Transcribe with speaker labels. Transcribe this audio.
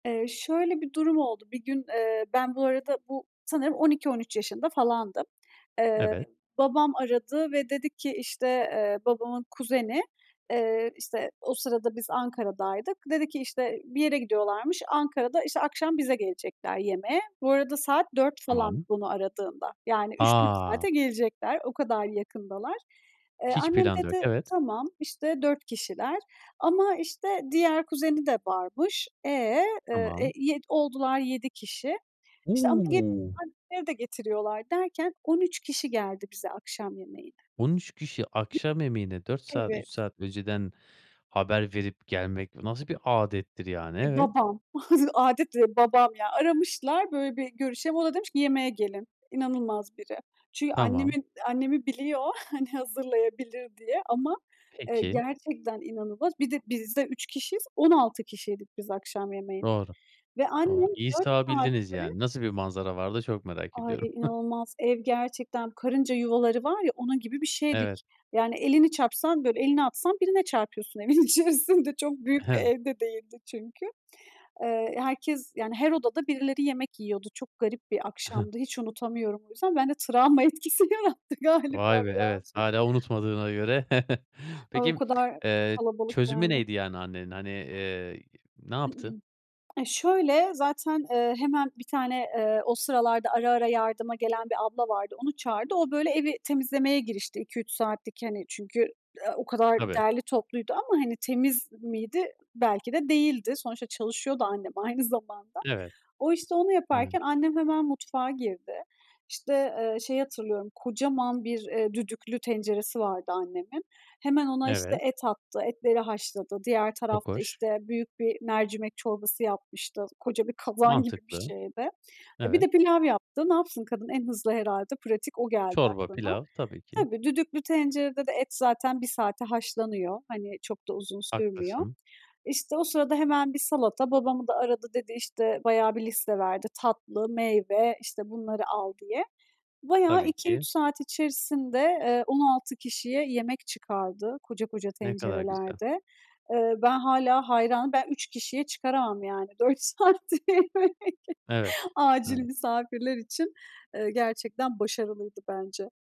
Speaker 1: Eee, şöyle bir durum oldu. Bir gün, ııı ben bu arada, bu sanırım 12-13 yaşında falandım. Eee,
Speaker 2: Evet.
Speaker 1: babam aradı ve dedi ki, işte, eee, babamın kuzeni, eee, işte, o sırada biz Ankara'daydık, dedi ki: İşte bir yere gidiyorlarmış. Ankara'da işte akşam bize gelecekler yemeğe. Bu arada saat 4 falan
Speaker 2: Tamam.
Speaker 1: beni aradığında. Yani 3-4
Speaker 2: A.
Speaker 1: saate gelecekler. O kadar yakındalar. Eee,
Speaker 2: Hiç
Speaker 1: annem
Speaker 2: planda yok.
Speaker 1: dedi,
Speaker 2: Evet.
Speaker 1: tamam, işte 4 kişiler ama, işte, diğer kuzeni de varmış. E? Iıı, e
Speaker 2: Tamam.
Speaker 1: yed oldular 7 kişi. İşte ama
Speaker 2: U.
Speaker 1: gelirken [unintelligible] de getiriyorlar derken 13 kişi geldi bize akşam yemeğine.
Speaker 2: 13 kişi akşam yemeğine,
Speaker 1: [unintelligible]
Speaker 2: 4 saat 3
Speaker 1: Evet.
Speaker 2: saat önceden haber verip gelmek nasıl bir âdettir yani.
Speaker 1: E,
Speaker 2: Evet
Speaker 1: babam. [unintelligible] Âdet değil babam ya. Aramışlar, "Böyle bir görüşelim." O da demiş ki, "Yemeğe gelin." İnanılmaz biri. Çünkü
Speaker 2: Tamam.
Speaker 1: annemin annemi biliyor, hani, hazırlayabilir diye. Ama, eee,
Speaker 2: Peki.
Speaker 1: gerçekten inanılmaz. Bir de biz de 3 kişiyiz, 16 kişiydik biz akşam yemeğinde
Speaker 2: Doğru.
Speaker 1: ve
Speaker 2: Doğru,
Speaker 1: annem
Speaker 2: iyi
Speaker 1: 4
Speaker 2: sığabildiniz
Speaker 1: saatte
Speaker 2: yani, nasıl bir manzara vardı çok merak
Speaker 1: Ay, e,
Speaker 2: ediyorum.
Speaker 1: inanılmaz. Ev gerçekten karınca yuvaları var ya, onun gibi bir
Speaker 2: Evet.
Speaker 1: şeydik. Yani elini çarpsan, böyle elini atsan birine çarpıyorsun evin içerisinde. Çok büyük bir
Speaker 2: Evet.
Speaker 1: ev de değildi çünkü. Iıı, herkes, yani her odada birileri yemek yiyordu. Çok garip bir akşamdı. Hiç unutamıyorum o yüzden. Ben de travma etkisi yarattı
Speaker 2: Vay
Speaker 1: galiba
Speaker 2: be, evet
Speaker 1: birazcık.
Speaker 2: hâlâ unutmadığına göre.
Speaker 1: Ay o
Speaker 2: Peki,
Speaker 1: kadar çok
Speaker 2: eee,
Speaker 1: kalabalık
Speaker 2: çözümü
Speaker 1: yani.
Speaker 2: neydi yani annenin? Hani, iii, ne yaptı?
Speaker 1: E, şöyle, zaten, ııı, hemen 1 tane, ııı, o sıralarda ara ara yardıma gelen bir abla vardı, onu çağırdı. O, böyle evi temizlemeye girişti 2-3 saatlik, hani, çünkü, ııı, o kadar
Speaker 2: Tabii.
Speaker 1: derli topluydu ama hani temiz miydi? Belki de değildi. Sonuçta çalışıyordu annem aynı zamanda.
Speaker 2: Evet.
Speaker 1: O, işte onu
Speaker 2: Evet.
Speaker 1: yaparken annem hemen mutfağa girdi. İşte, ııı, şeyi hatırlıyorum, kocaman bir, ııı, düdüklü tenceresi vardı annemin. Hemen ona işte
Speaker 2: Evet.
Speaker 1: et attı, etleri haşladı. Diğer
Speaker 2: Çok
Speaker 1: tarafta,
Speaker 2: hoş.
Speaker 1: işte, büyük bir mercimek çorbası yapmıştı. Koca bir kazan gibi bir
Speaker 2: Mantıklı.
Speaker 1: şeydi. E, bir
Speaker 2: Evet.
Speaker 1: de pilav yaptı. Ne yapsın kadın? En hızlı herhâlde, pratik o geldi
Speaker 2: Çorba
Speaker 1: aklına.
Speaker 2: pilav. Tabii ki.
Speaker 1: Tabii, düdüklü tencerede de et zaten 1 saate haşlanıyor. Hani, çok da uzun sürmüyor.
Speaker 2: Haklısın.
Speaker 1: İşte, o sırada hemen bir salata. Babamı da aradı, dedi işte bayağı bir liste verdi. "Tatlı, meyve, işte bunları al." diye. Bayağı
Speaker 2: Tabii
Speaker 1: 2-3
Speaker 2: ki.
Speaker 1: saat içerisinde, eee, 16 kişiye yemek çıkardı koca koca
Speaker 2: Ne kadar güzel.
Speaker 1: tencerelerde. Iıı, ben hâlâ hayranım. Ben 3 kişiye çıkaramam yani 4 saatte yemek,
Speaker 2: Evet.
Speaker 1: acil
Speaker 2: Evet.
Speaker 1: misafirler için. Iıı, gerçekten başarılıydı bence.